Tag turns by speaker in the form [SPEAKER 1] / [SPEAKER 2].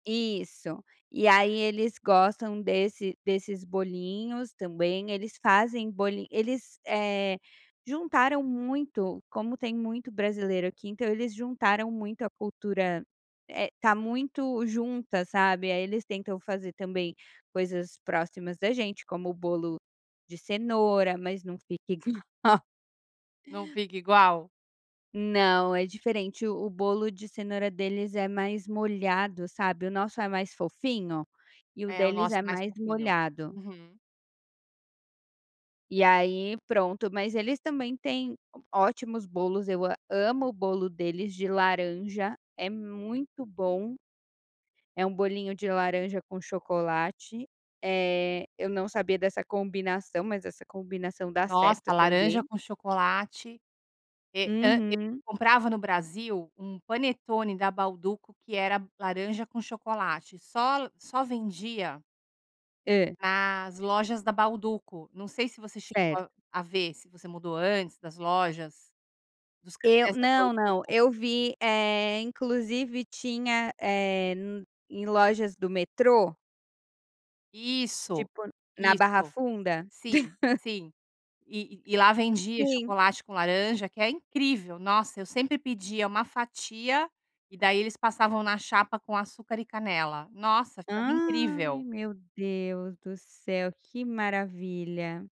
[SPEAKER 1] Isso. E aí, eles gostam desse desses bolinhos também. Eles fazem boli eles, eh, juntaram muito. Como tem muito brasileiro aqui, então eles juntaram muito a cultura, eh, tá muito junta, sabe. Aí, eles tentam fazer também coisas próximas da gente como: o bolo de cenoura, mas não fica igual.
[SPEAKER 2] Não fica igual?
[SPEAKER 1] Não, é diferente. O o bolo de cenoura deles é mais molhado, sabe. O nosso é mais fofinho e o
[SPEAKER 2] É, o
[SPEAKER 1] deles
[SPEAKER 2] nosso
[SPEAKER 1] é
[SPEAKER 2] é mais
[SPEAKER 1] mais
[SPEAKER 2] fofinho.
[SPEAKER 1] molhado.
[SPEAKER 2] Uhum.
[SPEAKER 1] E aí, pronto, mas eles também têm o ótimos bolos. Eu a amo o bolo deles de laranja. É muito bom! É um bolinho de laranja com chocolate. Eh, eu não sabia dessa combinação, mas essa combinação dá
[SPEAKER 2] Nossa,
[SPEAKER 1] certo
[SPEAKER 2] laranja
[SPEAKER 1] também.
[SPEAKER 2] com chocolate. Eh hã e
[SPEAKER 1] Uhum.
[SPEAKER 2] comprava no Brasil um panetone da Bauduco que era laranja com chocolate. Só l só vendia
[SPEAKER 1] Hã.
[SPEAKER 2] nas lojas da Bauduco. Não sei se você
[SPEAKER 1] Cer
[SPEAKER 2] chegou a ver, se você mudou antes das lojas, dos
[SPEAKER 1] Eu
[SPEAKER 2] cafés da
[SPEAKER 1] não, não.
[SPEAKER 2] Bauduco.
[SPEAKER 1] Eu vi, eh, inclusive tinha, eh, n em lojas do metrô?
[SPEAKER 2] Isso,
[SPEAKER 1] Tipo na Barra
[SPEAKER 2] isso.
[SPEAKER 1] Funda?
[SPEAKER 2] Sim, sim. E e e lá vendia
[SPEAKER 1] Sim.
[SPEAKER 2] chocolate com laranja, que é incrível! Nossa, eu sempre pedia uma fatia e daí eles passavam na chapa com açúcar e canela. Nossa, ficava
[SPEAKER 1] Ai,
[SPEAKER 2] incrível!
[SPEAKER 1] meu Deus do céu, que maravilha!